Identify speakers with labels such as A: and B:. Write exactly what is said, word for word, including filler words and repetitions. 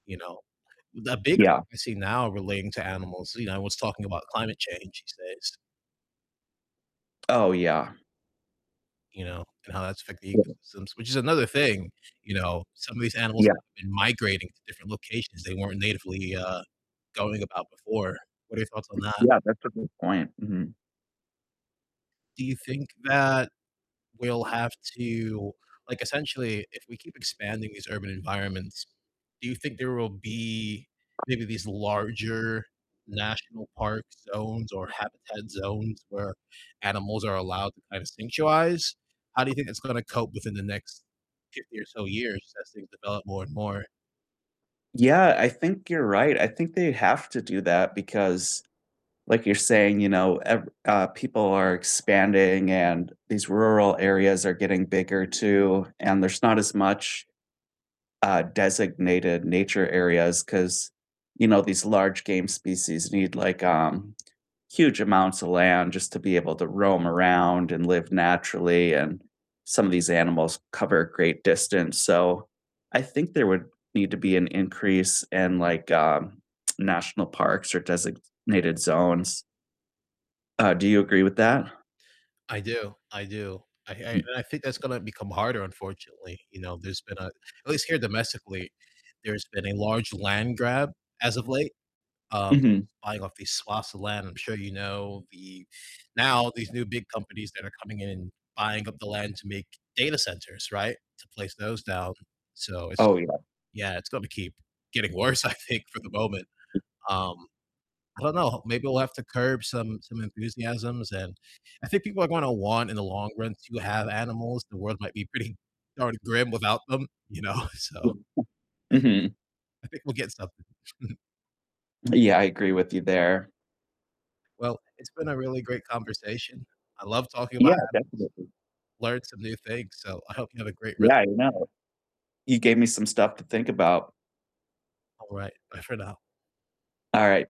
A: You know, the big
B: Yeah.
A: topic I see now relating to animals, you know, everyone's talking about climate change these days.
B: Oh, yeah.
A: You know, and how that's affecting the ecosystems, which is another thing, you know, some of these animals
B: Yeah.
A: have been migrating to different locations they weren't natively, uh, going about before. What are your thoughts on that?
B: Yeah, that's a good point, mhm.
A: Do you think that we'll have to, like, essentially, if we keep expanding these urban environments, do you think there will be maybe these larger national park zones or habitat zones where animals are allowed to kind of sanctuize? How do you think it's gonna cope within the next fifty or so years as things develop more and more?
B: Yeah, I think you're right, I think they have to do that because, like you're saying, you know, ev uh, people are expanding, and these rural areas are getting bigger too, and there's not as much, uh, designated nature areas 'cause, you know, these large game species need, like, um, huge amounts of land just to be able to roam around and live naturally, and some of these animals cover a great distance, so I think there would need to be an increase in like, um, national parks or designated zones. Uh, do you agree with that?
A: I do, I do, I I and I think that's gonna become harder, unfortunately, you know, there's been a At least here domestically, there's been a large land grab as of late, um,
B: Mhm.
A: buying off these swaths of land, I'm sure you know the Now these new big companies that are coming in and buying up the land to make data centers, right, to place those down, so it's
B: Oh, yeah.
A: yeah, it's gonna keep getting worse, I think, for the moment, um, I don't know, maybe we'll have to curb some some enthusiasms, and I think people are gonna want in the long run to have animals, the world might be pretty darn grim without them, you know? So
B: Mhm.
A: I think we'll get something.
B: Yeah, I agree with you there.
A: Well, it's been a really great conversation. I love talking about
B: Yeah,
A: animals,
B: definitely.
A: learned some new things, so I hope you have a great
B: Yeah,
A: rest
B: I
A: of the day.
B: know. You gave me some stuff to think about.
A: All right, bye for now.
B: All right.